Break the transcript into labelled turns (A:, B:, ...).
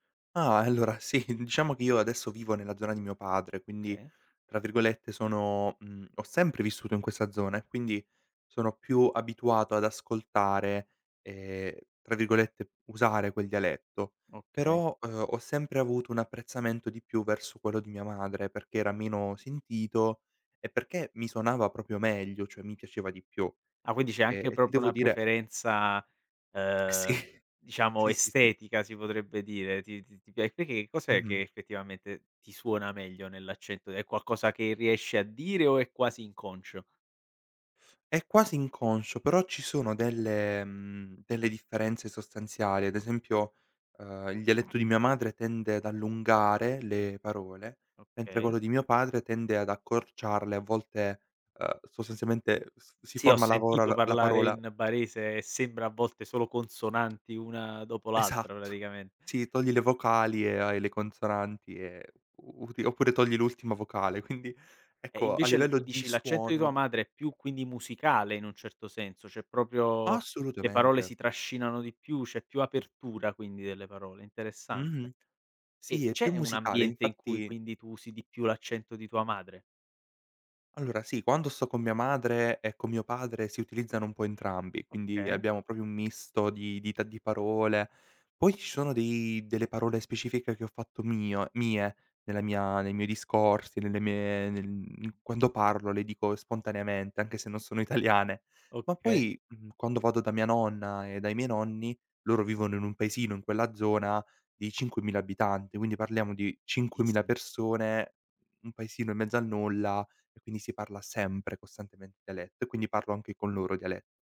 A: Ah, allora, sì. Diciamo che io adesso vivo nella zona di mio padre, quindi
B: Okay.
A: tra virgolette sono mhmm, ho "sempre" vissuto in questa zona e quindi sono più abituato ad ascoltare ehm, tra virgolette "usare" quel dialetto.
B: Okay.
A: Però, uhm, ho sempre avuto un apprezzamento di più verso quello di mia madre perché era meno sentito e perché mi suonava proprio meglio, cioè, mi piaceva di più.
B: Ah, quindi c'è
A: Ehm,
B: anche
A: e ti
B: proprio
A: devo
B: una
A: dire
B: preferenza,
A: Sì.
B: uhm, diciamo
A: Sì, sì, sì.
B: estetica si potrebbe dire. Ti ti ti pia perché? Cos'è che
A: Mh-mh.
B: effettivamente ti suona meglio nell'accento? È qualcosa che riesci a dire o è quasi inconscio?
A: È quasi inconscio, però ci sono delle mhmm, delle differenze sostanziali. Ad esempio, uhm, il dialetto di mia madre tende ad allungare le parole, mentre
B: Okay.
A: quello di mio padre tende ad accorciarle, a volte, uhm, sostanzialmente s si
B: Sì, ho
A: forma la
B: sentito
A: vorol la
B: parlare
A: parola
B: in barese e sembra a volte solo consonanti una dopo l'altra
A: Esatto.
B: praticamen
A: Sì, togli le vocali e hai le consonanti e u util oppure togli l'ultima vocale. Quindi,
B: E
A: ecco a
B: invece l
A: livello
B: mi
A: di
B: dici l'accento di tua
A: suono
B: madre è più quindi musicale in un certo senso, cioè, proprio le parole
A: Assolutamente.
B: si trascinano di più, c'è più apertura quindi delle parole. Interessante.
A: Mh-mh.
B: E
A: Sì, è più
B: c'è un
A: musicale
B: ambiente in cui
A: infatti
B: quindi tu usi di più l'accento di tua madre?
A: Allora, sì. Quando sto con mia madre e con mio padre si utilizzano un po' entrambi, quindi
B: Okay.
A: abbiamo proprio un misto di dita di parole. Poi ci sono dei delle parole specifiche che ho fatto mio mie nella mia nei miei discorsi, nelle mie nel mhmm, quando parlo le dico spontaneamente anche se non sono italiane. Ma
B: Okay.
A: poi, mhmm, quando vado da mia nonna e dai miei nonni, loro vivono in un paesino in quella zona di 5000 abitanti, quindi parliamo di 5000
B: Pochissi
A: persone, n un paesino in mezzo al nulla e quindi si parla sempre costantemente dialetto e quindi parlo anche con loro diale